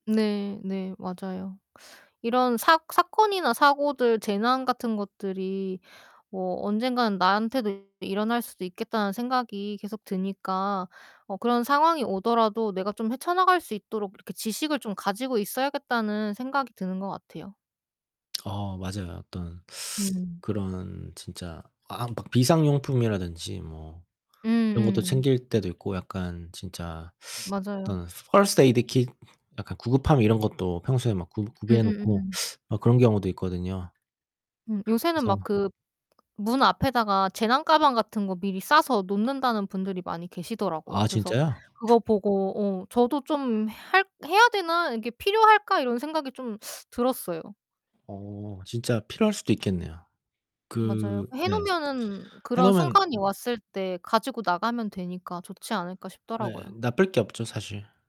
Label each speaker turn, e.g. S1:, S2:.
S1: 네. 네. 맞아요. 이런 사 사건이나 사고들 재난 같은 것들이 뭐 언젠가는 나한테도 일어날 수도 있겠다는 생각이 계속 드니까 어 그런 상황이 오더라도 내가 좀 헤쳐 나갈 수 있도록 이렇게 지식을 좀 가지고 있어야겠다는 생각이 드는 거 같아요.
S2: 어 맞아요. 어떤
S1: 네.
S2: 그런 진짜 아 막 비상용품이라든지 뭐 이런 것도
S1: 음음.
S2: 챙길 때도 있고 약간 진짜
S1: 맞아요.
S2: 어떤 first aid kit 약간 구급함 이런 것도 평소에 막 구 구비해 놓고
S1: 으으음음.
S2: 어 그런 경우도 있거든요.
S1: 음 요새는 막
S2: 그래서
S1: 그 문 앞에다가 재난 가방 같은 거 미리 싸서 놓는다는 분들이 많이 계시더라고요.
S2: 아
S1: 그래서
S2: 진짜요?
S1: 그거 보고 어 저도 좀 '할 해야 되나? 이게 필요할까?' 이런 생각이 좀 들었어요.
S2: 어 진짜 필요할 수도 있겠네요.
S1: 맞아요.
S2: 그
S1: '해
S2: 네.
S1: 놓으면은
S2: 해
S1: 그런
S2: 놓으면
S1: 순간이 왔을 때 가지고 나가면 되니까 좋지 않을까?'
S2: 예.
S1: 싶더라고요.
S2: 나쁠 게 없죠. 사실.